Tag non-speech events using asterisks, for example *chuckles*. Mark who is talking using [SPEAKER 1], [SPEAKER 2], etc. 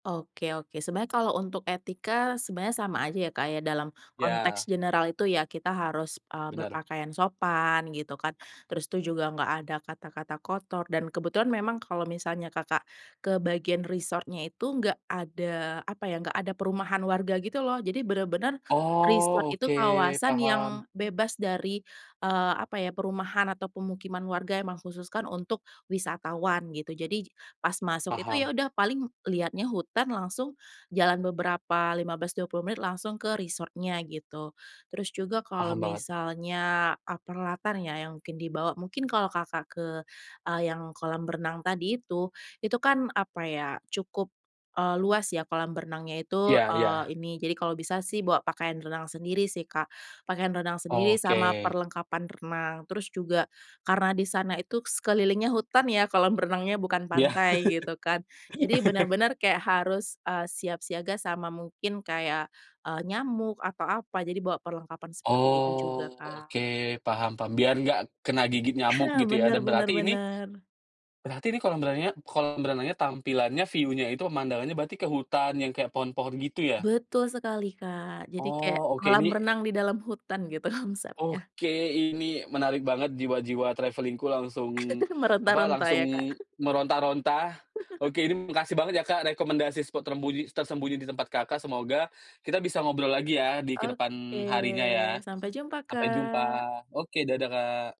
[SPEAKER 1] Oke oke. Sebenarnya kalau untuk etika, sebenarnya sama aja ya, Kak, ya. Dalam konteks
[SPEAKER 2] Iya.
[SPEAKER 1] general itu ya kita harus, eee,
[SPEAKER 2] Benar.
[SPEAKER 1] berpakaian sopan, gitu kan. Terus tuh juga nggak ada kata-kata kotor. Dan kebetulan memang kalau misalnya Kakak ke bagian resort-nya itu nggak ada, apa ya, nggak ada perumahan warga, gitu loh. Jadi bener-bener resort
[SPEAKER 2] Oh,
[SPEAKER 1] itu
[SPEAKER 2] oke
[SPEAKER 1] kawasan
[SPEAKER 2] paham.
[SPEAKER 1] yang bebas dari, eee, apa ya, perumahan atau pemukiman warga. Emang khususkan untuk wisatawan, gitu. Jadi pas masuk itu,
[SPEAKER 2] Paham.
[SPEAKER 1] ya udah, paling lihatnya hutan langsung. Jalan beberapa 15, 20 menit langsung ke resort-nya gitu. Terus juga kalau
[SPEAKER 2] Paham banget.
[SPEAKER 1] misalnya, ah, peralatan ya yang mungkin dibawa. Mungkin kalau Kakak ke, eee, yang kolam renang tadi itu, itu kan, apa ya, cukup, eee, luas ya kolam berenangnya itu.
[SPEAKER 2] Iya
[SPEAKER 1] Eee,
[SPEAKER 2] iya.
[SPEAKER 1] ini, jadi kalau bisa sih bawa pakaian renang sendiri sih, Kak. Pakaian renang sendiri sama
[SPEAKER 2] Oke.
[SPEAKER 1] perlengkapan renang. Terus juga karena di sana itu sekelilingnya hutan, ya, kolam renangnya, bukan
[SPEAKER 2] Iya.
[SPEAKER 1] pantai gitu kan. Jadi
[SPEAKER 2] *laughs*
[SPEAKER 1] bener-bener kayak harus, eee, siap siaga sama mungkin kayak, eee, nyamuk atau apa. Jadi bawa perlengkapan seperti itu juga,
[SPEAKER 2] Oh,
[SPEAKER 1] Kak.
[SPEAKER 2] oke, paham paham, biar nggak kena gigit nyamuk,
[SPEAKER 1] Aha,
[SPEAKER 2] gitu ya.
[SPEAKER 1] benar
[SPEAKER 2] Dan
[SPEAKER 1] benar
[SPEAKER 2] berarti ini
[SPEAKER 1] benar.
[SPEAKER 2] berarti ini kolam brenya kolam berenangnya, tampilannya, view-nya itu, pemandangnya berarti ke hutan yang kayak pohon-pohon gitu, ya?
[SPEAKER 1] Betul sekali, Kak. Jadi kayak
[SPEAKER 2] Oh, oke,
[SPEAKER 1] kolam
[SPEAKER 2] ini
[SPEAKER 1] renang di dalam hutan gitu konsepnya.
[SPEAKER 2] oke, ini menarik banget, jiwa-jiwa travelling-ku langsung,
[SPEAKER 1] *giggles*
[SPEAKER 2] apa,
[SPEAKER 1] Meronta-ronta
[SPEAKER 2] langsung
[SPEAKER 1] ya, Kak. *chuckles*
[SPEAKER 2] meronta-ronta. Oke, ini
[SPEAKER 1] *laughs*
[SPEAKER 2] makasih banget ya, Kak, rekomendasi spot trembunyi tersembunyi di tempat Kakak, semoga kita bisa ngobrol lagi ya di ke depan
[SPEAKER 1] Oke,
[SPEAKER 2] harinya, ya.
[SPEAKER 1] sampai jumpa,
[SPEAKER 2] Sampai jumpa,
[SPEAKER 1] Kak.
[SPEAKER 2] oke, dadah, Kak!